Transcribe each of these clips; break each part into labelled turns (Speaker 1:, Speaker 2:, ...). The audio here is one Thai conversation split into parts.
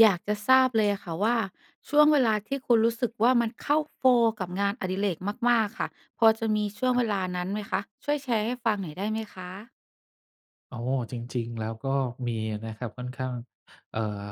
Speaker 1: อยากจะทราบเลยอะค่ะ ว่า ช่วงเวลาที่คุณรู้สึกว่า มันเข้า โฟลว์ กับงานอดิเรกมาก ๆ ค่ะ พอจะมีช่วง
Speaker 2: ครั
Speaker 1: เ
Speaker 2: บ
Speaker 1: วลานั้นไหมคะ? ช่วยแชร์ให้ฟังหน่อยได้ไหม คะ?
Speaker 2: อ๋อ จริง ๆ แล้วก็มีนะครับ ค่อนข้าง เอ่อ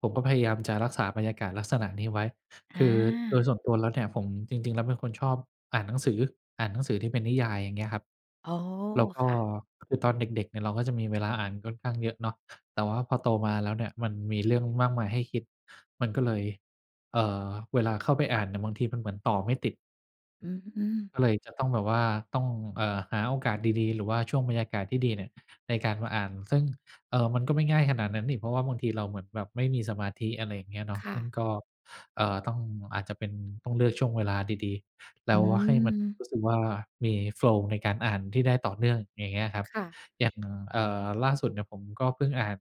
Speaker 2: ผมก็พยายามจะรักษาบรรยากาศลักษณะนี้ไว้
Speaker 1: อ
Speaker 2: คื
Speaker 1: า
Speaker 2: อโดยส่วนตัวแล้วเนี่ย ผม จริง ๆ แล้วเป็นคนชอบอ่านหนังสือ อ่านหนังสือที่เป็นนิยาย อย่างเงี้ย ครับ
Speaker 1: อ๋อ
Speaker 2: แล้วก็
Speaker 1: ค่ะ
Speaker 2: คือตอนเด็ก ๆ เนี่ยเราก็จะมีเวลาอ่านค่อนข้างเยอะเนาะ แต่ว่าพอโตมาแล้วเนี่ยมันมีเรื่องมากมายให้คิด มันก็เลย เอ่อ เวลาเข้าไปอ่านเนี่ย บางทีมันเหมือนต่อไม่ติด
Speaker 1: อืม
Speaker 2: ก็เลยจะต้องแบบว่าต้อง เอ่อ หาโอกาสดี ๆ หรือว่าช่วงบรรยากาศที่ดีเนี่ย ในการมาอ่าน ซึ่ง เอ่อ มันก็ไม่ง่ายขนาดนั้นอีก เพราะว่าบางทีเราเหมือนแบบไม่มีสมาธิ อะไรอย่างเงี้ยเนาะ
Speaker 1: ค่
Speaker 2: ซึ่
Speaker 1: ะ
Speaker 2: งก็ เอ่อ ต้อง อาจจะเป็น ต้องเลือกช่วงเวลาดี ๆ แล
Speaker 1: อ
Speaker 2: ้
Speaker 1: ื
Speaker 2: วว่ะ ให้มันร
Speaker 1: ม
Speaker 2: ู้สึกว่า มี โฟลว์ ในการอ่านที่ได้ต่อเนื่อง อย่างเงี้ยครับ
Speaker 1: ค่ะ
Speaker 2: อย่าง เอ่อ ล่าสุดเนี่ยผมก็เพิ่งอ่าน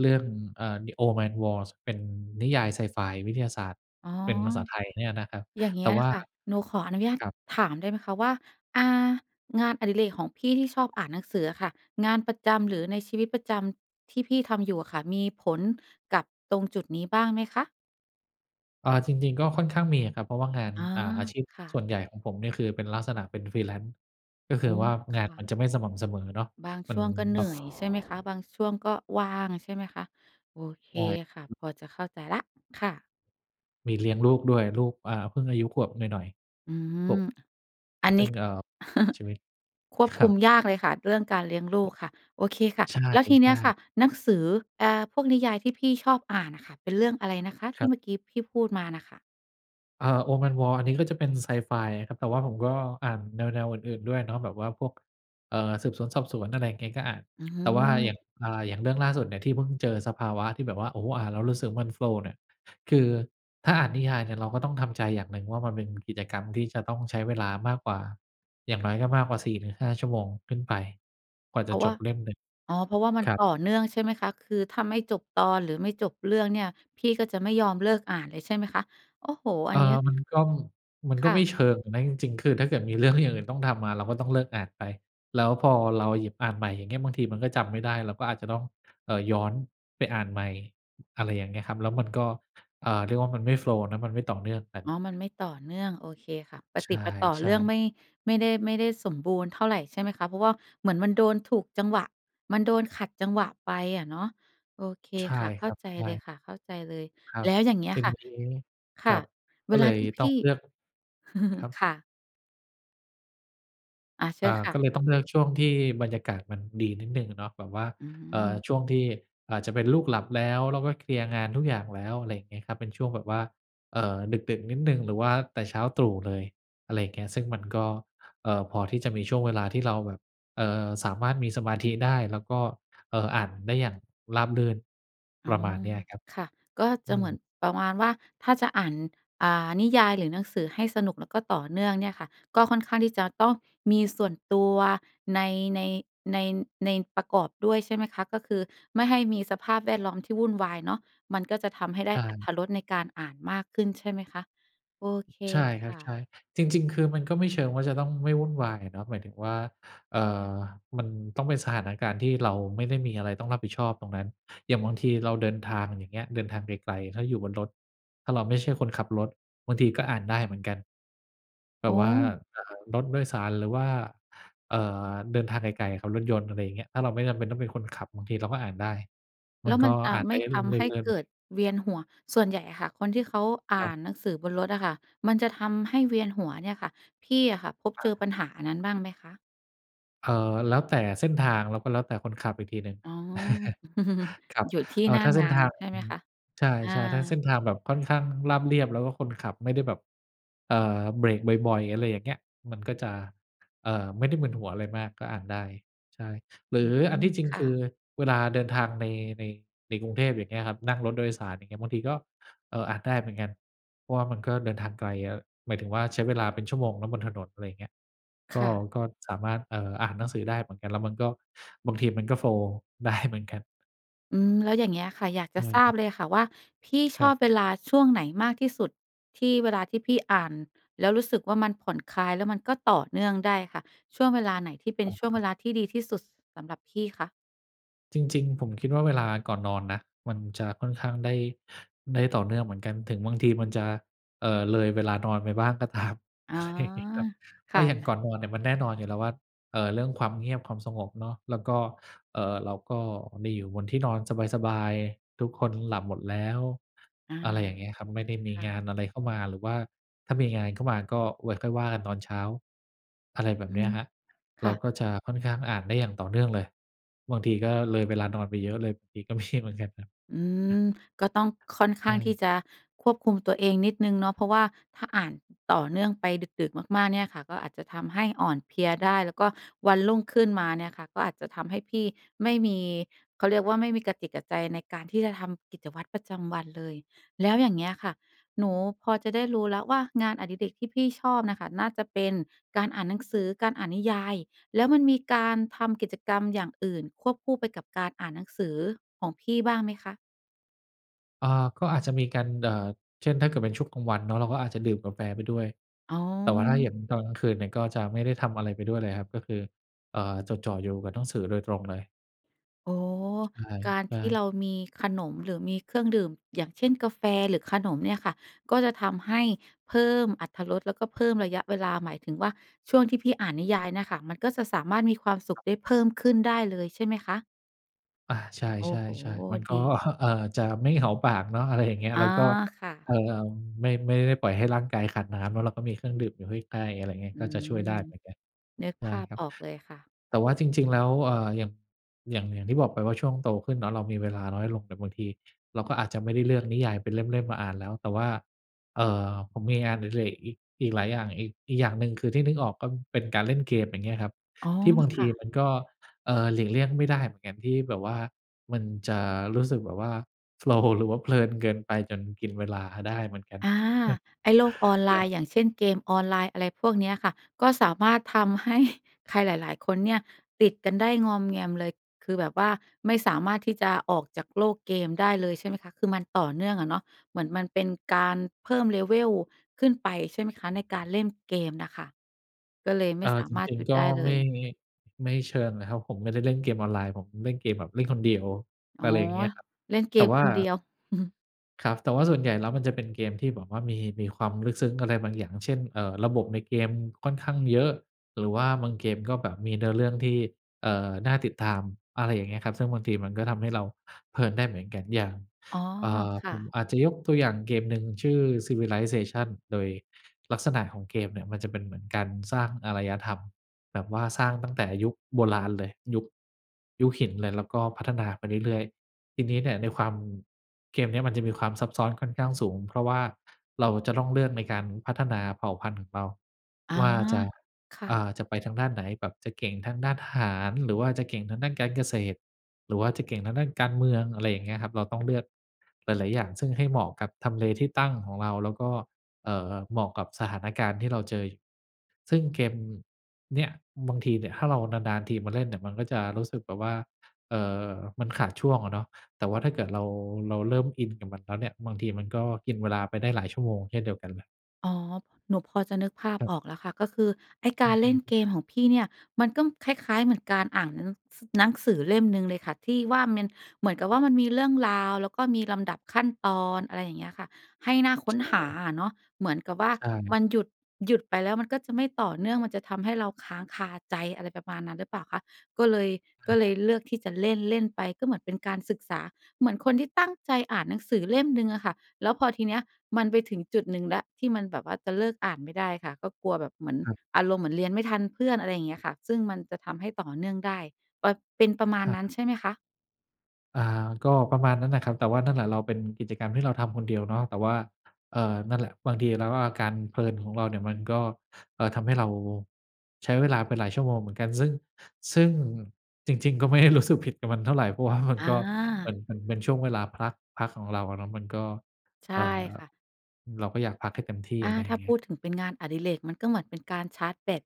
Speaker 2: เรื่อง อ่า ดิ Old Man's War เป็นนิยายไซไฟวิทยาศาสตร์
Speaker 1: อ๋อ
Speaker 2: เป็นภาษาไทยเนี่ยนะครับ
Speaker 1: อย่างเงี
Speaker 2: แ
Speaker 1: ้
Speaker 2: ต่
Speaker 1: ย
Speaker 2: ว่า
Speaker 1: ค่ะ หนูขออนุญาต
Speaker 2: ครับ
Speaker 1: ถามได้ไหมคะ? ว่า อ่า งานอดิเรกของพี่ที่ชอบอ่านหนังสืออะค่ะ งานประจำ หรือในชีวิตประจำที่พี่ทำอยู่อะค่ะ มีผลกับตรงจุดนี้บ้างไหมคะ?
Speaker 2: เออ จริง ๆ ก็ค่อนข้างมีอะครับ เพราะว่างาน
Speaker 1: อา
Speaker 2: อา อาชีพ
Speaker 1: ค่
Speaker 2: ส่ว
Speaker 1: ะ
Speaker 2: นใหญ่ของผมเนี่ยคือเป็นลักษณะเป็น Freelance ก็ค
Speaker 1: อ
Speaker 2: ือ
Speaker 1: ๋อ
Speaker 2: ว่า
Speaker 1: ค
Speaker 2: งาน
Speaker 1: ่
Speaker 2: มั
Speaker 1: ะ
Speaker 2: นจะไม่สม่ำเสมอเนาะ
Speaker 1: บาง
Speaker 2: มั
Speaker 1: ช
Speaker 2: น
Speaker 1: ่วงก
Speaker 2: แ
Speaker 1: ็เหนื่อยใช่ไหมค
Speaker 2: บ
Speaker 1: ะ? บ
Speaker 2: บ
Speaker 1: างช่วงก็ว่างใช่ไหมคะ? โอเค
Speaker 2: ใช
Speaker 1: ค่ะ
Speaker 2: ่
Speaker 1: พอจะเข้าใจแล้วค่ะ
Speaker 2: มีเลี้ยงลูกด้วย ลูก อา เพิ่งอายุขวบหน่อย
Speaker 1: อื
Speaker 2: ๆ ขว
Speaker 1: ม
Speaker 2: บ
Speaker 1: อัน
Speaker 2: ซ
Speaker 1: น
Speaker 2: ึ
Speaker 1: ี
Speaker 2: ่
Speaker 1: ้
Speaker 2: ง เอ่อ ชีวิต
Speaker 1: ควบ
Speaker 2: ค
Speaker 1: ค
Speaker 2: ร
Speaker 1: ุ
Speaker 2: ับ
Speaker 1: มยากเลยค่ะ เรื่องการเลี้ยงลูกค่ะ โอเคค่ะ
Speaker 2: ใ
Speaker 1: แล้วทีเนี
Speaker 2: ช
Speaker 1: ้
Speaker 2: ่
Speaker 1: ยค่ะ
Speaker 2: ๆ
Speaker 1: หนังสือ อ่า พวกนิยายที่พี่ชอบอ่านน่ะค่ะ เป็นเรื่องอะไรนะคะท
Speaker 2: ค
Speaker 1: ี
Speaker 2: ร
Speaker 1: ่
Speaker 2: ับ
Speaker 1: เมื่อกี้พี่พูดมาน่ะค่ะ?
Speaker 2: เออ Old Man's War อันนี้ก็จะเป็นไซไฟครับ แต่ว่าผมก็อ่านแนว ๆ อื่น ๆ ด้วยเนาะ แบบว่าพวก เอ่อ สืบสวนสอบสวน อะไรอย่างเงี้ย ก็อ่าน
Speaker 1: อื
Speaker 2: แต่ว่าอย่
Speaker 1: ม
Speaker 2: าง อ่า อย่างเรื่องล่าสุดเนี่ย ที่เพิ่งเจอสภาวะที่แบบว่า โอ้โฮ อ่านแล้วรู้สึกมัน โฟลว์ เนี่ย คือถ้าอ่านนิยายเนี่ย เราก็ต้องทำใจอย่างหนึ่งว่ามันเป็นกิจกรรมที่จะต้องใช้เวลามากกว่า อย่างน้อยก็มากกว่า 4 - 5 ชั่วโมงขึ้นไปกว่า
Speaker 1: เพ
Speaker 2: จ
Speaker 1: ร
Speaker 2: ะ
Speaker 1: าะ
Speaker 2: จ
Speaker 1: ว่
Speaker 2: บ
Speaker 1: า
Speaker 2: เล่มหนึ่ง
Speaker 1: อ๋อ เพราะว่ามัน
Speaker 2: ครั
Speaker 1: ต
Speaker 2: บ
Speaker 1: ่อเนื่องใช่ไหมคะ? คือถ้าไม่จบตอนหรือไม่จบเรื่องเนี่ย พี่ก็จะไม่ยอมเลิกอ่านเลย ใช่ไหมคะ? โอ้โฮ
Speaker 2: เ
Speaker 1: อั
Speaker 2: ออ
Speaker 1: นนี้
Speaker 2: มันก็ มัน
Speaker 1: ค
Speaker 2: ก็
Speaker 1: ่
Speaker 2: ไม่
Speaker 1: ะ
Speaker 2: เชิงนะจริง ๆ คือถ้าเกิดมีเรื่องอย่างอื่นต้องทำมา เราก็ต้องเลิกอ่านไป แล้วพอเราหยิบอ่านใหม่อย่างเงี้ย บางทีมันก็จำไม่ได้ เราก็อาจจะต้อง เอ่อ ย้อนไปอ่านใหม่ อะไรอย่างเงี้ยครับ แล้วมันก็ เอ่อ เรียกว่ามันไม่ โฟลว์ นะมันไม่ต่อเนื่องกัน
Speaker 1: อ๋อ มันไม่ต่อเนื่องโอเคค่ะ ป
Speaker 2: ใ
Speaker 1: ะ
Speaker 2: ช
Speaker 1: ติดปะต่อเร
Speaker 2: ่
Speaker 1: ื่อง
Speaker 2: ๆ
Speaker 1: ไม่ ไม่ได้ ไม่ได้สมบูรณ์เท่าไรใช่ไหมคะ? เพราะว่าเหมือนมันโดนถูกจังหวะ มันโดนขัดจังหวะไปอะเนาะ โอเค
Speaker 2: ใช่
Speaker 1: ค่ะ เข
Speaker 2: ค
Speaker 1: ้
Speaker 2: ร
Speaker 1: า
Speaker 2: ับ
Speaker 1: ใจ
Speaker 2: ใช
Speaker 1: เลย
Speaker 2: ่
Speaker 1: ค่ะ เข้าใจเลย
Speaker 2: ครั
Speaker 1: แล
Speaker 2: บ
Speaker 1: ้วอย่างเงี้ยค่ะ ค
Speaker 2: ค
Speaker 1: ่
Speaker 2: รั
Speaker 1: ะ
Speaker 2: บ ก
Speaker 1: เว
Speaker 2: ็เ
Speaker 1: ล
Speaker 2: ล
Speaker 1: า
Speaker 2: ย
Speaker 1: ที่พ
Speaker 2: ต้อ
Speaker 1: ี
Speaker 2: ง
Speaker 1: ่
Speaker 2: เลือก ครับ
Speaker 1: ค่ะ อา เช
Speaker 2: อ
Speaker 1: ิญ
Speaker 2: า
Speaker 1: ค่
Speaker 2: ก
Speaker 1: ะ
Speaker 2: ็เลยต้องเลือกช่วงที่บรรยากาศมันดีนิดหนึ่งเนาะ แบบว่า
Speaker 1: อื
Speaker 2: เอ่อ
Speaker 1: ม
Speaker 2: ช่วงที่อาจจะเป็นลูกหลับแล้ว แล้วก็เคลียร์งานทุกอย่างแล้ว อะไรอย่างเงี้ยครับ เป็นช่วงแบบว่า เอ่อ ดึก ๆ นิดหนึ่ง หรือว่าแต่เช้าตรู่เลย อะไรอย่างเงี้ย ซึ่งมันก็ เอ่อ พอที่จะมีช่วงเวลาที่เราแบบ เอ่อ สามารถมีสมาธิได้ แล้วก็ เอ่อ อ่านได้อย่างราบรื่น
Speaker 1: อ
Speaker 2: ป
Speaker 1: ๋อ
Speaker 2: ระมาณเนี้ยอะครับ
Speaker 1: ค่ะ ก็
Speaker 2: อ
Speaker 1: จะ
Speaker 2: ื
Speaker 1: เหมื
Speaker 2: ม
Speaker 1: อนประมาณว่าถ้าจะอ่าน อ่า นิยายหรือหนังสือให้สนุก แล้วก็ต่อเนื่องเนี่ยค่ะ ก็ค่อนข้างที่จะต้องมีส่วนตัว ใน ใน ใน ในประกอบด้วยใช่ไหมคะ? ก็คือไม่ให้มีสภาพแวดล้อมที่วุ่นวายเนาะ มันก็จะทำให้ได้
Speaker 2: อ่า
Speaker 1: อรร
Speaker 2: น
Speaker 1: ถรสในการอ่านมากขึ้นใช่ไหมคะ? โอเค
Speaker 2: ใช่ค
Speaker 1: ค
Speaker 2: รับ
Speaker 1: ่
Speaker 2: ใช่
Speaker 1: ะ
Speaker 2: จริง ๆ คือมันก็ไม่เชิงว่าจะต้องไม่วุ่นวายเนาะ หมายถึงว่า เอ่อ มันต้องเป็นสถานการณ์ที่เราไม่ได้มีอะไรต้องรับผิดชอบตรงนั้น อย่างบางทีเราเดินทาง อย่างเงี้ย เดินทางไกล ๆ ถ้าอยู่บนรถ ถ้าเราไม่ใช่คนขับรถ บางทีก็อ่านได้เหมือนกัน แบ
Speaker 1: อ๋
Speaker 2: บว่า
Speaker 1: อ
Speaker 2: อ่า รถโดยสาร หรือว่า เอ่อ เดินทางไกล ๆ ขับรถยนต์ อะไรอย่างเงี้ย ถ้าเราไม่จำเป็นต้องเป็นคนขับ บางทีเราก็อ่านได้
Speaker 1: แ
Speaker 2: ม
Speaker 1: ล
Speaker 2: ั
Speaker 1: ้
Speaker 2: น
Speaker 1: ว
Speaker 2: ก
Speaker 1: ม
Speaker 2: ็
Speaker 1: ันจะ
Speaker 2: อาจ
Speaker 1: ไ
Speaker 2: ไ
Speaker 1: ม
Speaker 2: ป
Speaker 1: ่ทำให้เกิดเวียนหัว ส่วนใหญ่อะค่ะ คนที่เขาอ
Speaker 2: คร
Speaker 1: ่
Speaker 2: ั
Speaker 1: า
Speaker 2: บ
Speaker 1: นหนังสือบนรถอะค่ะ มันจะทำให้เวียนหัวเนี่ยค่ะ พี่อะค่ะพบ
Speaker 2: อ
Speaker 1: เจอ
Speaker 2: า
Speaker 1: ปัญหาอันนั้นบ้างไหมคะ?
Speaker 2: เอ่อ แล้วแต่เส้นทาง แล้วก็แล้วแต่คนขับอีกทีหนึ่ง
Speaker 1: อ๋อ
Speaker 2: ครับ
Speaker 1: อยู่ที่
Speaker 2: เอ่
Speaker 1: ห
Speaker 2: อ
Speaker 1: น้า
Speaker 2: ถ้าเส
Speaker 1: ง
Speaker 2: ้น
Speaker 1: า
Speaker 2: ท
Speaker 1: น
Speaker 2: าง
Speaker 1: ใช่ไหมคะ?
Speaker 2: ใช
Speaker 1: อ
Speaker 2: ่ ๆ ถ้าเส
Speaker 1: า
Speaker 2: ้นทางแบบค่อนข้างราบเรียบ แล้วก็คนขับไม่ได้แบบ เอ่อ เบรกบ่อย ๆ อะไรอย่างเงี้ย มันก็จะ เอ่อ ไม่ได้มึนหัวอะไรมาก ก็อ่านได้ ใช่ หรื
Speaker 1: อื
Speaker 2: ออัน
Speaker 1: ม
Speaker 2: ที่จริง
Speaker 1: ค
Speaker 2: ค
Speaker 1: ่
Speaker 2: ื
Speaker 1: ะ
Speaker 2: อเวลาเดินทางใน ใน ในกรุงเทพ อย่างเงี้ยครับ นั่งรถโดยสาร อย่างเงี้ย บางทีก็ เอ่อ อ่านได้เหมือนกัน เพราะว่ามันก็เดินทางไกลอะ หมายถึงว่าใช้เวลาเป็นชั่วโมงเนาะ บนถนน อะไรอย่างเงี้ย ก
Speaker 1: ค
Speaker 2: ็
Speaker 1: ่ะ
Speaker 2: ก็สามารถ เอ่อ อ่านหนังสือได้เหมือนกัน แล้วมันก็ บางทีมันก็ โฟลว์ ได้ เหมือนกัน
Speaker 1: อืม แล้วอย่างเงี้ยค่ะ อยากจ
Speaker 2: อ
Speaker 1: ะทราบ
Speaker 2: ืม
Speaker 1: เลยค่ะว่า พี่ช
Speaker 2: ครั
Speaker 1: อ
Speaker 2: บ
Speaker 1: บเวลาช่วงไหนมากที่สุด ที่เวลาที่พี่อ่านแล้วรู้สึกว่า มันผ่อนคลายแล้วมันก็ต่อเนื่องได้ค่ะ ช่วงเวลาไหนที่เป็
Speaker 2: อ
Speaker 1: น
Speaker 2: ๋
Speaker 1: ช่วงเว
Speaker 2: อ
Speaker 1: ลาที่ดีที่สุดสำหรับพี่คะ?
Speaker 2: จริง ๆ ผมคิดว่าเวลาก่อนนอนนะ มันจะค่อนข้างได้ ได้ต่อเนื่องเหมือนกัน ถึงบางทีมันจะ เอ่อ เลยเวลานอนไปบ้างก็ ตาม
Speaker 1: อ๋อ
Speaker 2: อะไรอย่างงี้ครับ เพ
Speaker 1: ค
Speaker 2: รา
Speaker 1: ่
Speaker 2: ะ
Speaker 1: ะ
Speaker 2: อย่างก่
Speaker 1: ๆ
Speaker 2: อนนอนเนี่ยมันแน่นอนอยู่แล้วว่า เอ่อ เรื่องความเงียบ ความสงบเนาะ แล้วก็ เอ่อ เราก็ได้อยู่บนที่นอนสบาย ๆ ทุกคนหลับหมดแล้ว
Speaker 1: อา
Speaker 2: อะไรอย่างเงี้ยครับ ไม่ได้มี
Speaker 1: ค่
Speaker 2: งา
Speaker 1: ะ
Speaker 2: นอะไรเข้ามา หรือว่าถ้ามีงานเข้ามา ก็ไว้ค่อยว่ากันตอนเช้า อะไรแบ
Speaker 1: อ
Speaker 2: บ
Speaker 1: ื
Speaker 2: เนี้
Speaker 1: ม
Speaker 2: ยครับ
Speaker 1: ค
Speaker 2: เร
Speaker 1: ่
Speaker 2: า
Speaker 1: ะ
Speaker 2: ก็จะค่อนข้างอ่านได้อย่างต่อเนื่องเลย บางทีก็เลยเวลานอนไปเยอะเลย บางที ก็มี เหมือนกันครับ
Speaker 1: อืม ก็ต้องค่อนข
Speaker 2: ใช
Speaker 1: ้างที่
Speaker 2: ่
Speaker 1: จะควบคุมตัวเองนิดหนึ่งเนาะ เพราะว่าถ้าอ่านต่อเนื่องไปดึก ๆ มาก ๆ เนี่ยค่ะ ก็อาจจะทำให้อ่อนเพลียได้ แล้วก็วันรุ่งขึ้นมาเนี่ยค่ะก็อาจจะทำให้พี่ไม่มี เขาเรียกว่าไม่มีกะจิตกะใจในการที่จะทำกิจวัตรประจำวันเลย แล้วอย่างเงี้ยค่ะ หนูพอจะได้รู้แล้วว่างานอดิเรกที่พี่ชอบน่ะค่ะ น่าจะเป็นการอ่านหนังสือ การอ่านนิยาย แล้วมันมีการทำกิจกรรมอย่างอื่นควบคู่ไปกับการอ่านหนังสือของพี่บ้างไหมคะ?
Speaker 2: อ่า ก็อาจจะมีกัน เอ่อ เช่น ถ้าเกิดเป็นช่วงกลางวันเนาะ เราก็อาจจะดื่มกาแฟไปด้วย
Speaker 1: อ๋
Speaker 2: แต่ว่าถ้าเห็
Speaker 1: อ
Speaker 2: นตอนกลางคืนเนี่ยก็จะไม่ได้ทำอะไรไปด้วยเลยครับ ก็คือ เอ่อ จดจ่ออยู่กับหนังสือโดยตรงเลย
Speaker 1: อ๋อ
Speaker 2: ช ใช่
Speaker 1: การ
Speaker 2: ใช
Speaker 1: ที่
Speaker 2: ่
Speaker 1: เรามีขนมหรือมีเครื่องดื่ม อย่างเช่น กาแฟหรือขนมเนี่ยค่ะ ก็จะทำให้เพิ่มอรรถรส แล้วก็เพิ่มระยะเวลา หมายถึงว่า ช่วงที่พี่อ่านนิยายเนี่ยค่ะ มันก็สะสามารถมีความสุ
Speaker 2: คร
Speaker 1: ข
Speaker 2: ับ
Speaker 1: ได้เพิ่มขึ้นได้เลยใช่ไหมคะ?
Speaker 2: อา ใช่
Speaker 1: โอ้โฮ
Speaker 2: ๆ ๆ มัน ก
Speaker 1: ด
Speaker 2: ๊อ
Speaker 1: ี
Speaker 2: ครับ เอ่อ จะไม่ เหงา ปากเนาะ อะไรอย่างเงี้ย
Speaker 1: อ๋
Speaker 2: แ
Speaker 1: อ
Speaker 2: ล้วก็
Speaker 1: ค่ะ
Speaker 2: เอ่อ เอ่อ ไม่ ไม่ได้ปล่อยให้ร่างกายขาดน้ำเนาะ เราก็มีเครื่องดื่มอยู่ใกล้ ๆ อะไรอย่างเงี้ย
Speaker 1: อื
Speaker 2: ก็จะ
Speaker 1: ม
Speaker 2: ช่วยได้เหมือนกัน
Speaker 1: นึก
Speaker 2: ได
Speaker 1: ภ
Speaker 2: ้
Speaker 1: าพ
Speaker 2: ครับ
Speaker 1: ออกเลยค่ะ
Speaker 2: แต่ว่าจริง ๆ แล้ว เอ่อ หยั่ม อย่าง อย่างที่บอกไปว่า ช่วงโตขึ้นเนาะ เรามีเวลาน้อยลง แบบบางที เราก็อาจจะไม่ได้เลือกนิยายเป็นเล่ม ๆ มาอ่านแล้ว แต่ว่า เอ่อ ผมมีงานอดิเรก อีก อีกหลายอย่าง อีก อีกอย่างหนึ่ง คือที่นึกออกก้อนเป็นการเล่นเกม อย่างเงี้ยครับ
Speaker 1: อ๋อ
Speaker 2: ที่บาง
Speaker 1: ค
Speaker 2: ท
Speaker 1: ่
Speaker 2: ี
Speaker 1: ะ
Speaker 2: มันก็ เอ่อ หลีกเลี่ยงไม่ได้เหมือนกัน ที่แบบว่ามันจะรู้สึกแบบว่า โฟลว์ หรือว่าเพลินเกินไปจนกินเวลาได้เหมือนกัน
Speaker 1: อา ไอ้โลกออนไ
Speaker 2: เอ
Speaker 1: ล
Speaker 2: อ คร
Speaker 1: น
Speaker 2: ั
Speaker 1: ์
Speaker 2: บ
Speaker 1: อย่างเช่น เกมออนไลน์ อะไรพวกเนี้ยค่ะ ก็สามารถทำ ให้ ใครหลาย ๆ คนเนี่ยติดกันได้งอมแงมเลย คือแบบว่าไม่สามารถที่จะออกจากโลกเกมได้เลย ใช่ไหมคะ คือมันต่อเนื่องอะเนาะ เหมือนมันเป็นการเพิ่ม level ขึ้นไปใช่ไหมคะ? ในการเล่นเกมน่ะค่ะ ก็เลยไม
Speaker 2: อ
Speaker 1: ่
Speaker 2: า
Speaker 1: สา
Speaker 2: จ
Speaker 1: มารถ
Speaker 2: ริง
Speaker 1: หยุด
Speaker 2: ๆ ก็
Speaker 1: ได้เล
Speaker 2: ไม่
Speaker 1: ย
Speaker 2: งี ไม่เชิงน่ะครับ ผมไม่ได้เล่นเกมออนไลน์ ผมเล่นเกมแบบเล่นคนเดียว
Speaker 1: อ๋อ
Speaker 2: อะไรอย่างเงี้ยครับ
Speaker 1: เล่นเก
Speaker 2: แต่
Speaker 1: ม
Speaker 2: ว่
Speaker 1: ค
Speaker 2: า
Speaker 1: นเดียว
Speaker 2: ครับ แต่ว่าส่วนใหญ่แล้วมันจะเป็นเกมที่แบบว่ามี มีความลึกซึ้งอะไรบางอย่าง เช่น เอ่อ ระบบในเกมค่อนข้างเยอะ หรือว่าบางเกมก็แบบมีเนื้อเรื่องที่ เอ่อ น่าติดตาม อะไรอย่างเงี้ยครับ ซึ่งบางทีมันก็ทำให้เราเพลินได้เหมือนกัน อย่าง
Speaker 1: อ๋อ
Speaker 2: เอ่อ
Speaker 1: ค่
Speaker 2: ผม
Speaker 1: ะ
Speaker 2: อาจจะยกตัวอย่างเกมหนึ่ง ชื่อ Civilization โดย ลักษณะของเกมเนี่ยมันจะเป็นเหมือนการสร้างอารยธรรม แบบว่าสร้างตั้งแต่ยุคโบราณเลย ยุค ยุคหินเลย แล้วก็พัฒนาไปเรื่อย ๆ ทีนี้เนี่ยในความ เกมเนี้ยมันจะมีความซับซ้อนค่อนข้างสูง เพราะว่า เราจะต้องเลือกในการพัฒนาเผ่าพันธุ์ของเรา
Speaker 1: อ๋อ
Speaker 2: ว่าจะ
Speaker 1: ค่
Speaker 2: อ่
Speaker 1: ะ
Speaker 2: า จะไปทางด้านไหน? แบบจะเก่งทางด้านทหาร หรือว่าจะเก่งทางด้านการเกษตร หรือว่าจะเก่งทางด้านการเมือง อะไรอย่างเงี้ยครับ เราต้องเลือก หลาย ๆ อย่าง ซึ่งให้เหมาะกับทำเลที่ตั้งของเรา แล้วก็ เอ่อ เหมาะกับสถานการณ์ที่เราเจออยู่ ซึ่งเกม อืม เนี้ย บางทีเนี่ย ถ้าเรานาน ๆ ทีมาเล่นเนี่ย มันก็จะรู้สึกแบบว่า เอ่อ มันขาดช่วงอะเนาะ แต่ว่าถ้าเกิดเรา เราเริ่มอินกับมันแล้วเนี่ย บางทีมันก็กินเวลาไปได้หลายชั่วโมงเช่นเดียวกันน่ะ
Speaker 1: อ๋อ หนูพอจะนึกภาพ
Speaker 2: ครับ
Speaker 1: ออกแล้วค่ะ ก็คือไอ้ก
Speaker 2: อื
Speaker 1: า
Speaker 2: อ
Speaker 1: ร
Speaker 2: ฮ
Speaker 1: เล่น
Speaker 2: ึ
Speaker 1: เกมของพี่เนี่ย มันก้อง คล้าย ๆ เหมือนการอ่านหนัง ส หนังสือเล่มหนึ่งเลยค่ะ ที่ว่ามัน เหมือนกับว่ามันมีเรื่องราว แล้วก็มีลำดับขั้นตอน อะไรอย่างเงี้ยค่ะ ให้น่าค
Speaker 2: ใช
Speaker 1: ้นหา
Speaker 2: ่
Speaker 1: อะเนาะ เหมือนกับว่า
Speaker 2: ใช่
Speaker 1: มันหยุด หยุดไปแล้วมันก็จะไม่ต่อเนื่อง มันจะทำให้เราค้างคาใจ อะไรประมาณนั้นหรือเปล่าคะ ก็เลย ก
Speaker 2: อ
Speaker 1: ็เล
Speaker 2: า
Speaker 1: ยเลือกที่จะเล่น ๆ ไป ก็เหมือนเป็นการศึกษา เหมือนคนที่ตั้งใจอ่านหนังสือเล่มหนึ่งอะค่ะ แล้วพอทีเนี้ย มันไปถึงจุดหนึ่งแล้วที่มันแบบว่าจะเลิกอ่านไม่ได้ค่ะ ก็กลัวแบบเหมือน
Speaker 2: ครับ
Speaker 1: อารมณ์เหมือนเรียนไม่ทันเพื่อน อะไรอย่างเงี้ยค่ะ ซึ่งมันจะทำให้ต่อเนื่องได้ ก็เป็นประม
Speaker 2: อ
Speaker 1: าณนั้น
Speaker 2: า
Speaker 1: ใช่ไหมคะ?
Speaker 2: อา ก็ประมาณนั้นแหละครับ แต่ว่านั่นแหละ เราเป็นกิจกรรมที่เราทำคนเดียวเนาะ แต่ว่า เอ่อ นั่นแหละ บางทีแล้วก็อาการเพลินของเราเนี่ยมันก็ เอ่อ ทำให้เราใช้เวลาไปหลายชั่วโมงเหมือนกัน ซึ่ง ซึ่งจริง ๆ ก็ ไม่ได้ รู้สึกผิดกับมันเท่าไร เพราะว่ามัน
Speaker 1: อ
Speaker 2: ก็ เหมือน
Speaker 1: า
Speaker 2: เหมือนเป็นช่วงเวลาพัก พักของเราอะเนาะ มันก็
Speaker 1: ใช
Speaker 2: เ
Speaker 1: ่
Speaker 2: อ่อ
Speaker 1: ค่ะ
Speaker 2: เราก็อยากพักให้เต็มที่
Speaker 1: อ
Speaker 2: อ
Speaker 1: า
Speaker 2: ะไร
Speaker 1: ถ
Speaker 2: อย่
Speaker 1: ้
Speaker 2: า
Speaker 1: า
Speaker 2: งเงี
Speaker 1: พ
Speaker 2: ้ย
Speaker 1: ูดถึงเป็นงานอดิเรกมันก็เหมือนเป็นการชาร์จแบต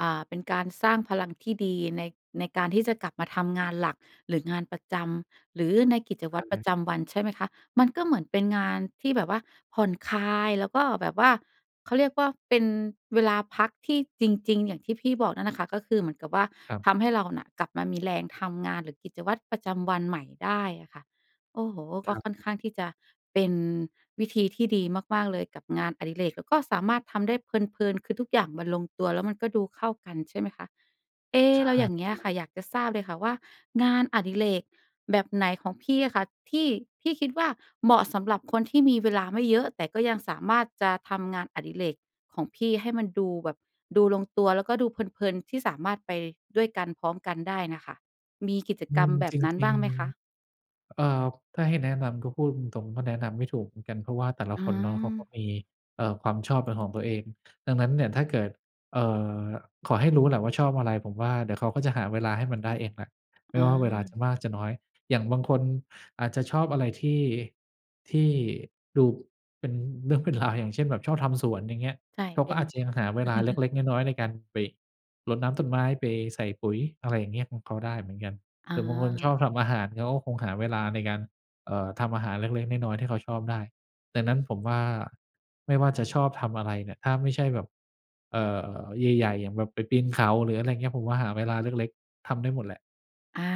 Speaker 1: อ่า เป็นการสร้างพลังที่ดีใน ในการที่จะกลับมาทำงานหลัก หรืองานประจำ หรือในกิจว
Speaker 2: อ
Speaker 1: ัต
Speaker 2: ะ
Speaker 1: รป
Speaker 2: ฮ
Speaker 1: ระ
Speaker 2: ะ
Speaker 1: จำวัน ใช่ไหมคะ มันก็เหมือนเป็นงานที่แบบว่าผ่อนคลาย แล้วก็แบบว่า เขาเรียกว่าเป็นเวลาพักที่จริง ๆ อย่างที่พี่บอกนั่นแหละคะ ก็คือเหมือนกับว่า
Speaker 2: ครับ
Speaker 1: ทำให้เราน่ะกลับมามีแรงทำงาน หรือกิจวัตรประจำวันใหม่ได้อะค่ะ โอ้โฮ ก
Speaker 2: ค
Speaker 1: ็
Speaker 2: รับ
Speaker 1: ค่อนข้างที่จะเป็นวิธีที่ดีมาก ๆ เลยกับงานอดิเรก แล้วก็สามารถทำได้เพลิน ๆ คือทุกอย่างมันลงตัว แล้วมันก็ดูเข้ากัน ใช่ไหมคะ เอ๊
Speaker 2: ใช
Speaker 1: เรา
Speaker 2: ่
Speaker 1: อย่างเงี้ยค่
Speaker 2: ๆ
Speaker 1: ะ อยากจะทราบเลยค่ะว่างานอดิเรกแบบไหนของพี่อะค่ะ ที่พี่คิดว่าเหมาะสำหรับคนที่มีเวลาไม่เยอะ แต่ก็ยังสามารถจะทำงานอดิเรกของพี่ให้มันดูแบบดูลงตัวแล้วก็ดูเพลิน ๆ ที่สามารถไปด้วยกัน พร้อมกันได้น่ะค่ะ มีกิจ
Speaker 2: อื
Speaker 1: กรร
Speaker 2: ม
Speaker 1: มแบ
Speaker 2: จ
Speaker 1: บนั้น
Speaker 2: ริ
Speaker 1: บ้
Speaker 2: ง
Speaker 1: างไหมคะ?
Speaker 2: ๆ เอ่อ ถ้าให้แนะนำก็พูดตรง ๆ ก็แนะนำไม่ถูกเหมือนกัน เพราะว่าแต่ละ
Speaker 1: อื
Speaker 2: คนเนาะเขาก็
Speaker 1: ม
Speaker 2: มี เอ่อ ความชอบเป็นของตัวเอง ดังนั้นเนี่ยถ้าเกิด เอ่อ ขอให้รู้แหละว่าชอบอะไร ผมว่าเดี๋ยวเขาก็จะหาเวลาให้มันได้เองแหละ ไม
Speaker 1: อ
Speaker 2: ่ว่าเวลาจ
Speaker 1: า
Speaker 2: ะมากจะน้อย อย่างบางคนอาจจะชอบอะไรที่ ที่ดูเป็นเรื่อง เป็นราว อย่างเช่นแบบชอบทำสวน อย่างเงี้ย
Speaker 1: ใช่
Speaker 2: เขา
Speaker 1: เป
Speaker 2: ก็
Speaker 1: ็น
Speaker 2: อาจจะยังหาเวลาเล็ก ๆ น้อย ๆ ในการไปรดน้ำต้นไม้ ไปใส่ปุ๋ย อะไรอย่างเงี้ย ของเขาได้เหมือนกัน
Speaker 1: อ
Speaker 2: แต่บางคนชอบ
Speaker 1: า
Speaker 2: ทำอาหารเขาก็คงหาเวลาในการ เอ่อ ทำอาหารเล็ก ๆ น้อย ๆ ที่เขาชอบได้ ดังนั้นผมว่า ไม่ว่าจะชอบทำอะไรเนี่ย ถ้าไม่ใช่แบบ เอ่อ ใหญ่ ๆ อย่างแบบไปปีนเขา หรืออะไรอย่างเงี้ย ผมว่าหาเวลาเล็ก ๆ ทำได้หมดแหละ
Speaker 1: อา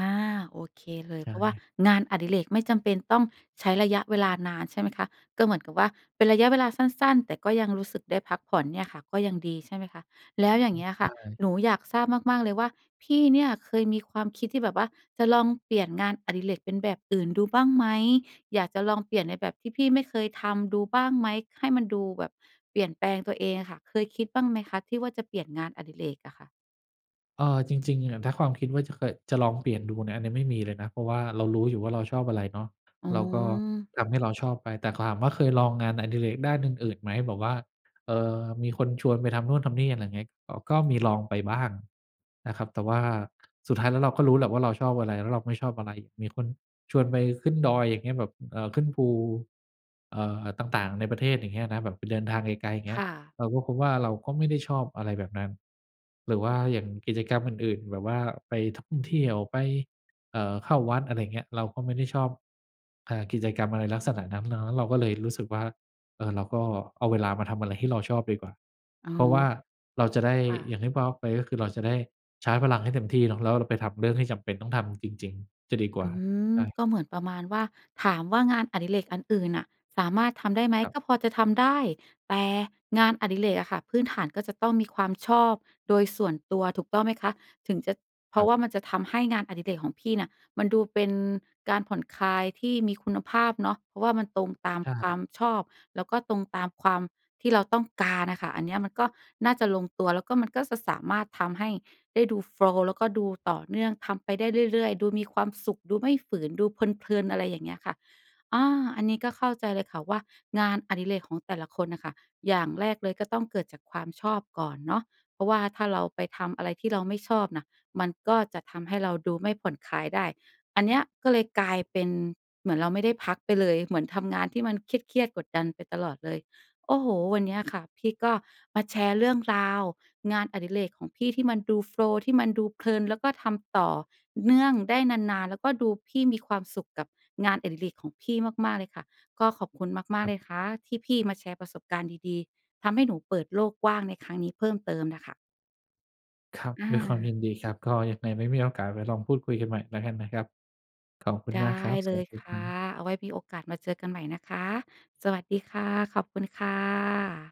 Speaker 1: โอเคเล
Speaker 2: ใ
Speaker 1: ย
Speaker 2: ช
Speaker 1: เพราะว่า
Speaker 2: ่
Speaker 1: งานอดิเรกไม่จำเป็นต้องใช้ระยะเวลานานใช่ไหมคะ ก็เหมือนกับว่าเป็นระยะเวลาสั้น ๆ แต่ก็ยังรู้สึกได้พักผ่อนเนี่ยค่ะ ก็ยังดีใช่ไหมคะ แล้วอย่างเงี้ย
Speaker 2: ใ
Speaker 1: ค่ะ
Speaker 2: ช่
Speaker 1: หนูอยากทราบมาก ๆ เลยว่าพี่เนี่ยเคยมีความคิดที่แบบว่าจะลองเปลี่ยนงานอดิเรกเป็นแบบอื่นดูบ้างไหม อยากจะลองเปลี่ยนในแบบที่พี่ไม่เคยทำดูบ้างไหม ค ให้มันดูแบบเปลี่ยนแปลงตัวเองค่ะ เคยคิดบ้างไหมคะที่ว่าจะเปลี่ยนงานอดิเรกอะค่ะ?
Speaker 2: เอ่อ จริง ๆ อะ ถ้าความคิดว่าจะเกิด จะลองเปลี่ยนดูเนี่ย อันนี้ไม่มีเลยนะ เพราะว่าเรารู้อยู่ว่าเราชอบอะไรเนาะ
Speaker 1: อ๋
Speaker 2: เราก็
Speaker 1: อ
Speaker 2: ทำให้เราชอบไป แต่ถาม ว่าเคยลองงานอดิเรกด้านอื่น ๆ ไหม แบบว่า เอ่อ มีคนชวนไปทำนู่น ทำนี่ อะไรอย่างเงี้ย ก ก็มี ลองไปบ้างนะครับ แต่ว่า สุดท้ายแล้วเราก็รู้แหละว่าเราชอบอะไร แล้วเราไม่ชอบอะไร มีคนชวนไปขึ้นดอย อย่างเงี้ย แบบ เอ่อ ขึ้นภู เอ่อ ต่าง ๆ ในประเทศ อย่างเงี้ยนะ แบบไปเดินทางไกล ๆ อย่างเงี้
Speaker 1: ค
Speaker 2: ย
Speaker 1: ่ะ
Speaker 2: เราก็พบว่าเราก็ไม่ได้ชอบอะไรแบบนั้น หรือว่าอย่างกิจกรรมอื่น ๆ แบบว่าไปท่องเที่ยว ไป เอ่อ เข้าวัด อะไรอย่างเงี้ย เราก็ไม่ได้ชอบ เอ่อ กิจกรรมอะไรลักษณะนั้น เนาะ เราก็เลยรู้สึกว่า เอ่อ เราก็เอาเวลามาทำอะไรที่เราชอบดีกว่า
Speaker 1: อ๋อ
Speaker 2: เพราะว่าเราจะได้
Speaker 1: ค่
Speaker 2: อย
Speaker 1: ะ
Speaker 2: ่างที่บอกไป ก็คือเราจะได้ชาร์จพลังให้เต็มที่เนาะ แล้วเราไปทำเรื่องที่จำเป็นต้องทำจริง ๆ จะดีกว
Speaker 1: อ
Speaker 2: ่า
Speaker 1: ืม
Speaker 2: ใช่
Speaker 1: ก็เหมือนประมาณว่า ถามว่างานอดิเรกอันอื่นน่ะสามารถทำได้ไหม
Speaker 2: ครั
Speaker 1: ก
Speaker 2: บ
Speaker 1: ็พอจะทำได้ แต่งงานอดิเรกอะค่ะ พื้นฐานก็จะต้องมีความชอบโดยส่วนตัวถูกต้องไหมคะ ถึงจะ เพ
Speaker 2: ค
Speaker 1: ร
Speaker 2: ร
Speaker 1: า
Speaker 2: ั
Speaker 1: ะ
Speaker 2: บ
Speaker 1: ว่ามันจะทำให้งานอดิเรกของพี่น่ะมันดูเป็นการผ่อนคลายที่มีคุณภาพเนาะ เพราะว่ามันตรงตาม
Speaker 2: ใช
Speaker 1: ควา
Speaker 2: ่
Speaker 1: มชอบ แล้วก็ตรงตามความ ที่เราต้องการอะค่ะ อันเนี้ยมันก็น่าจะลงตัว แล้วก็มันก็ ส สามารถทำให้ได้ดู โฟลว์ แล้วก็ดูต่อเนื่อง ทำไปได้เรื่อย ๆ ดูมีความสุข ดูไม่ฝืน ดูเพลิน ๆ อะไรอย่างเงี้ยค่ะ อ้อ อันนี้ก็เข้าใจเลยค่ะว่างานอดิเรกของแต่ละคนน่ะค่ะ อย่างแรกเลยก็ต้องเกิดจากความชอบก่อนเนาะ เพราะว่าถ้าเราไปทำอะไรที่เราไม่ชอบน่ะ มันก็จะทำให้เราดูไม่ผ่อนคลายได้ อันเนี้ยก็เลยกลายเป็นเหมือนเราไม่ได้พักไปเลย เหมือนทำงานที่มันเครียด ๆ กดดันไปตลอดเลย โอ้โฮ วันเนี้ยค่ะ พี่ก็มาแชร์เรื่องราวงานอดิเรกของพี่ที่มันดู โฟลว์ ที่มันดูเพลิน แล้วก็ทำต่อเนื่องได้นาน ๆ แล้วก็ดูพี่มีความสุขกับงานอดิเรกของพี่มาก ๆ เลยค่ะ ก็ขอบคุณมา
Speaker 2: ค
Speaker 1: ก
Speaker 2: ร
Speaker 1: ๆ
Speaker 2: ั
Speaker 1: เล
Speaker 2: บ
Speaker 1: ยค่ะที่พี่มาแชร์ประสบการณ์ดี ๆ ทำให้หนูเปิดโลกกว้างในครั้งนี้เพิ่มเติมน่ะค่ะ
Speaker 2: ครับ
Speaker 1: อ
Speaker 2: ด้วยความย
Speaker 1: า
Speaker 2: ินดีครับ ก็ยังไงไว้มีโอกาสไว้ลองพูดคุยกันใหม่แล้วกันนะครับ ขอบคุณ
Speaker 1: ได้
Speaker 2: มากครับ
Speaker 1: เ
Speaker 2: ส
Speaker 1: ล
Speaker 2: วั
Speaker 1: ย
Speaker 2: สด
Speaker 1: ค
Speaker 2: ีค
Speaker 1: ่ะ
Speaker 2: รับ
Speaker 1: เอาไว้มีโอกาสมาเจอกันใหม่นะคะ สวัสดีค่ะ ขอบคุณค่ะ